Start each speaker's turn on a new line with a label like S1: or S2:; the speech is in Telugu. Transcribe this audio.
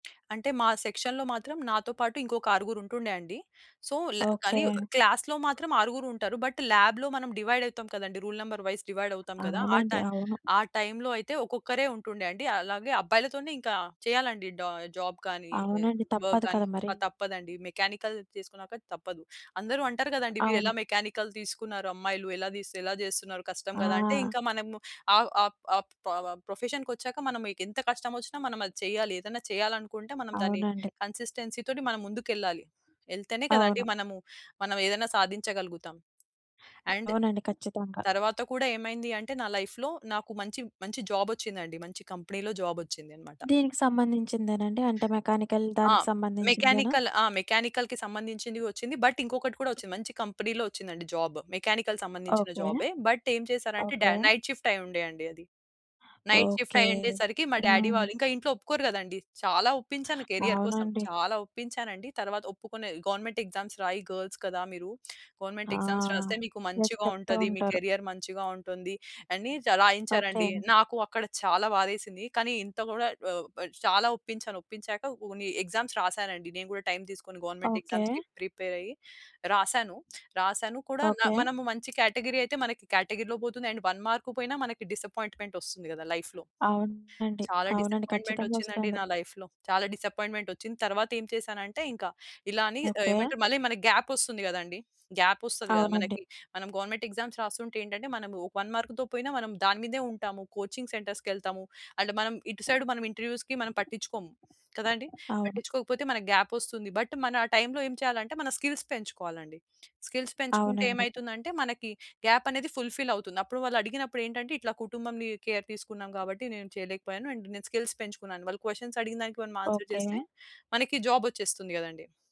S1: అంటే మా సెక్షన్‌లో మాత్రం నాతో పాటు ఇంకొక ఆరుగురు ఉంటుండే అండి. సో, ల కానీ
S2: ఓకే.
S1: క్లాస్‌లో మాత్రం ఆరుగురు ఉంటారు. బట్ ల్యాబ్‌లో మనం డివైడ్ అయితాం కదండీ. రూల్ నంబర్ వైస్ డివైడ్ అవుతాం కదా! ఆ
S2: అవునండి.
S1: టైమ్
S2: అవును.
S1: టైమ్‌లోఅయితే ఒక్కొక్కరే ఉంటుండే అండి. అలాగే అబ్బాయిలతోనే ఇంకా చేయాలండి డ జాబ్ గాని, ఆహ్,
S2: అవునండి.
S1: వర్క్
S2: తప్పదు
S1: గాని,
S2: కదా
S1: ప
S2: మరి!
S1: తప్పదండి మెకానికల్ చేసుకున్నాక తప్పదు. అందరు అంటారు కదండీ మీరు ఎలా
S2: అవును.
S1: మెకానికల్ తీసుకున్నారు. అమ్మాయిలు ఎలా తిస్ ఎలా చేస్తున్నారు? కష్టం కదా! అంటే
S2: ఆ!
S1: ఇంకా మనము ఆ ఆప్ ఆప్ పొవ ప్రొఫెషన్‌కి వచ్చాక మనం మీకెంత కష్టమొచ్చినా మనం అది చెయ్యాలి. ఏదైనా చేయాలి అనుకుంటే మనం దాన్ని
S2: అవునండి.
S1: కన్సిస్టెన్సీతోని మనం ముందుకెళ్ళాలి. ఎళ్తేనే కదండీ
S2: అవును.
S1: మనము మనం ఏదైనా సాధించగలుగుతాం. అండ్
S2: అవునండి. ఖచ్చితంగా.
S1: తర్వాత కూడా ఏమైంది అంటే నా లైఫ్‌లో నాకు మంచి మంచి జాబ్ ఒచ్చిందండి. మంచి కంపెనీలో జాబ్ ఒచ్చింది అనమాట.
S2: దీనికి సంబంధించిందేనండి? అంటే మెకానికల్
S1: ఆ!
S2: దానికి సంబంధించిందేనా?
S1: మెకానికల్. ఆ! మెకానికల్‌కి సంబంధించింది ఒచ్చింది. బట్ ఇంకొకటి కూడా ఒచ్చింది. మంచి కంపెనీలో ఒచ్చిందండి జాబ్. మెకానికల్‌కు సంబంధించిన
S2: ఓకే.
S1: జాబే, బట్ ఏం చేసారంటే డా
S2: ఓకే.
S1: నైట్ షిఫ్ట్ అయ్యుండే అండి అది. Night shift
S2: okay.
S1: అయ్యుండే సరికి మా డ్యాడీ వాళ్ళు
S2: హ్మ్.
S1: ఇంకా ఇంట్లో ఒప్పుకోరు కదండీ. చాలా ఒప్పించాను కెరీర్ కోసం.
S2: అవునండి.
S1: చాలా ఒప్పించానండి. తరువాత ఒప్పుకునే "గవర్నమెంట్ ఎగ్జామ్స్ రాయి గర్ల్స్ కదా! మీరు
S2: ఆ!
S1: గవర్నమెంట్ ఎగ్జామ్స్ రాస్తే మీకు
S2: ఎస్
S1: మంచిగా
S2: చెప్తూ
S1: ఉంటది. మీ
S2: ఉంటారు.
S1: కెరీయర్ మంచిగా ఉంటుంది" అని చ రాయించారండి.
S2: ఓకే.
S1: నాకు అక్కడ చాలా బాధేసింది. కానీ ఇంత గూడా ఒ ఆహ్, చాలా ఒప్పించాను. ఒప్పించాక కొన్ని ఎగ్జామ్స్ రాసానండి. నేను కూడా టైమ్ తీసుకొని గవర్నమెంట్
S2: ఓకే.
S1: ఎగ్జామ్స్‌కి ప్రిపేర్ అయ్యి రాసాను. రాసాను కూడా న
S2: ఓకే.
S1: మనము మంచి కేటగరీ అయితే మన కేటగరీలో పోతుంది అండ్ 1 మార్క్ పోయిన మనకి డిసప్పాయింట్‌మెంట్ ఒస్తుంది కదా! లైఫ్‌లో.
S2: అవునండి.
S1: చాలా
S2: అవునండి.
S1: డిసప్పాయింట్‌మెంట్
S2: ఖచ్చితంగా
S1: ఒచ్చిందండి
S2: ఒస్తుంది.
S1: నా లైఫ్‌లో. చాలా డిసప్పాయింట్‌మెంట్ ఒచ్చింది. తరువాత ఏమి చేశానంటే ఇంకా ఇలా అని ఆహ్,
S2: ఓకే.
S1: ఏమంటారు? మళ్ళి మనకి గ్యాప్ ఒస్తుంది గదండీ. గ్యాప్ ఒస్తది గదా
S2: అవునండి.
S1: మనకి. మనం గవర్నమెంట్ ఎగ్జామ్స్ రాస్తుంటే ఏంటంటే మనం ఒక వన్ మార్క్‌తో పోయినా మనం దాని మీదే ఉంటాము. కోచింగ్ సెంటర్స్‌కి ఎళ్తాము అండ్ మనం ఇటు సైడ్ మనం ఇంటర్వ్యూస్‌కి మనం పట్టించుకోము. కదండీ?
S2: అవును.
S1: పట్టించుకోకపోతే మనకి గ్యాప్ వస్తుంది. బట్ మన టైమ్‌లో ఏం చేయాలంటే మన స్కిల్స్ పెంచుకోవాలండి. స్కిల్స్ పెంచుకుంటే
S2: అవునండి.
S1: ఏమైతుందంటే మనకి గ్యాప్ అనేది ఫుల్‌ఫిల్ అవుతుంది. అప్పుడు వాళ్ళడిగినప్పుడు ఏంటంటే ఇట్లా కుటుంబంని కేర్ తీసుకున్నాం కాబట్టి నేను చేయలేకపోయాను. అండ్ నేను స్కిల్స్ పెంచుకున్నాను. వాళ్ళు క్వెషన్స్ అడిగినదానికి మనం ఆన్సర్ చేస్తే
S2: ఓకే.
S1: మనకి జాబ్ ఒచ్చేస్తుంది గదండీ.